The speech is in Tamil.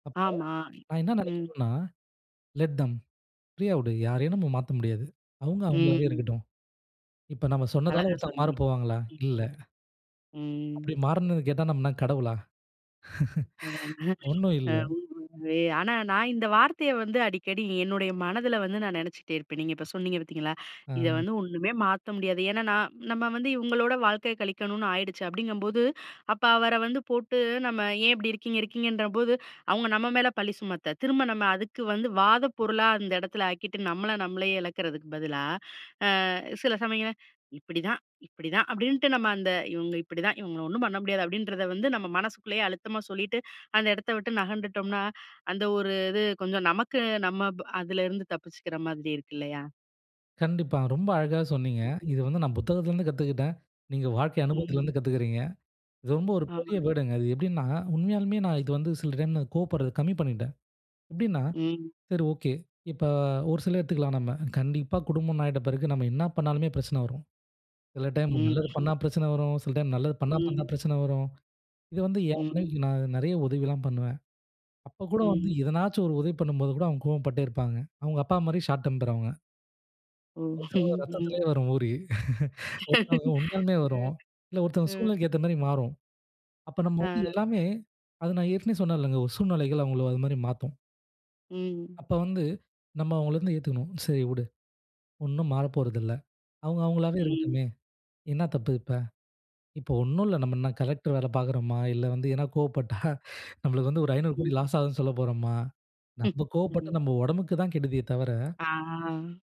அப்ப, ஆமா, நான் என்ன ம். நினைக்கணும்னா 'லெட் தேம்' ஃப்ரீயா வுடு, யாரையும் நம்ம மாத்த முடியாது. அவங்க அவங்களாவே ம். இருக்கட்டும். இப்ப நம்ம சொன்னதால அழகா ஒருத்தங்க மாற சொன்னீங்க. போவாங்களா? ம். இல்ல. ம். அப்படி மாறுனது கேட்டா நம்ம என்ன கடவுளா? ஒன்னும் [unintelligible] இல்ல. ஆனா நான் இந்த வார்த்தைய வந்து அடிக்கடி, என்னுடைய மனதில வந்து நான் நினைச்சிட்டே இருப்பேன். நீங்க இப்ப சொன்னீங்க பார்த்தீங்களா? இத அ. வந்து ஒன்னுமே மாத்த முடியாது, ஏன்னா நான் நம்ம வந்து இவங்களோட வாழ்க்கைய கழிக்கணுன்னு ஆயிடுச்சு அப்படிங்கும்போது, அப்ப அவர வந்து போட்டு "நம்ம ஏன் இப்படி இருக்கீங்க, இருக்கீங்கன்ற போது, அவங்க நம்ம மேல பழி சுமத்த, திரும்ப நம்ம அதுக்கு வந்து வாத பொருளா அந்த இடத்துல ஆக்கிட்டு நம்மள நம்மளயே இழக்கிறதுக்கு பதிலா, அ, சில சமயம், "இப்படிதான், இப்படிதான்" அப்படின்ட்டு நம்ம அந்த இவங்க இப்படி தான், இவங்கள ஒன்னும் பண்ண முடியாது. அப்படின்றத வந்து நம்ம மனசுக்குள்ளயே, அழுத்தமா சொல்லிட்டு, அந்த இடத்த விட்டு நகண்டுட்டோம்னா அந்த ஒரு இது, கொஞ்சம் நமக்கு நம்ம அதுல இருந்து தப்பிச்சுக்கிற மாதிரி இருக்கு இல்லயா? கண்டிப்பா. ரொம்ப அழகாவே சொன்னீங்க. இது வந்து நான் புத்தகத்துலருந்து கத்துக்கிட்டேன். நீங்க வாழ்க்கை ம். அனுபவத்திலிருந்து கத்துக்கிறீங்க. இது ரொம்ப ஒரு பெரிய ஆமாங்க. வேர்டுங்க அது எப்படின்னா, உண்மயாலுமே நான் இது வந்து சில டைம் கோவப்படுறது கம்மி பண்ணிட்டேன். எப்படின்னா, ம். சரி, ஓகே. இப்ப ஒரு சில எடுத்துக்கலாம் நம்ம கண்டிப்பா குடும்பம் ஆயிட்ட பிறகு நம்ம என்ன பண்ணாலுமே பிரச்சனை வரும். சில டைம் நல்லது ம். பண்ணா பிரச்சனை வரும். சில டைம் நல்லது பண்ணாம இருந்தா ம். பிரச்சனை வரும். இத வந்து என் ம். மனைவிக்கு நான் நிறைய உதவிலாம் பண்ணுவேன். அப்ப கூட வந்து ம். எதனாச்சும் ஒரு உதவி பண்ணும்போது கூட, அவங்க கோவப்பட்டே இருப்பாங்க. அவங்க அப்பா மாரி 'ஷார்ட் டெம்பர்' அவங்க. ஓ, ஒரு சில ம். ரத்தத்திலயே வரும் ஊறி. ஒருத்தவங்க உண்மயாலுமே அ. வரும். இல்ல ஒருத்தவங்க ம். சூழ்நிலைக்கு ஏத்த மாரி மாறும். அப்ப நம்ம வந்து அ. எல்லாமே அத நான் ஏற்கனவே சொன்னேன்லங்க ஒரு சூழ்நிலைகள் அவங்கள அது மாரி மாத்தும். ம். அப்ப வந்து நம்ம அவங்கள வந்து ஏத்துக்கணும். சரி விடு, ஒன்னும் மாறப்போறதில்ல. அவங்க அவங்களாவே ம். இருக்கட்டுமே! என்னா தப்பு இப்ப. இப்ப ஒன்னும் இல்ல, நம்ம என்ன கலெக்டர் வேல பார்க்குறோமா? இல்ல வந்து ஏதனா கோவப்பட்டா நம்மளுக்கு வந்து ஒரு 500 கோடி ம். லாஸ் ஆகுதுன்னு சொல்ல போறமா? நம்ம கோவப்பட்டா ம். நம்ம உடம்புக்கு தான் கெடுதியே தவிர அ.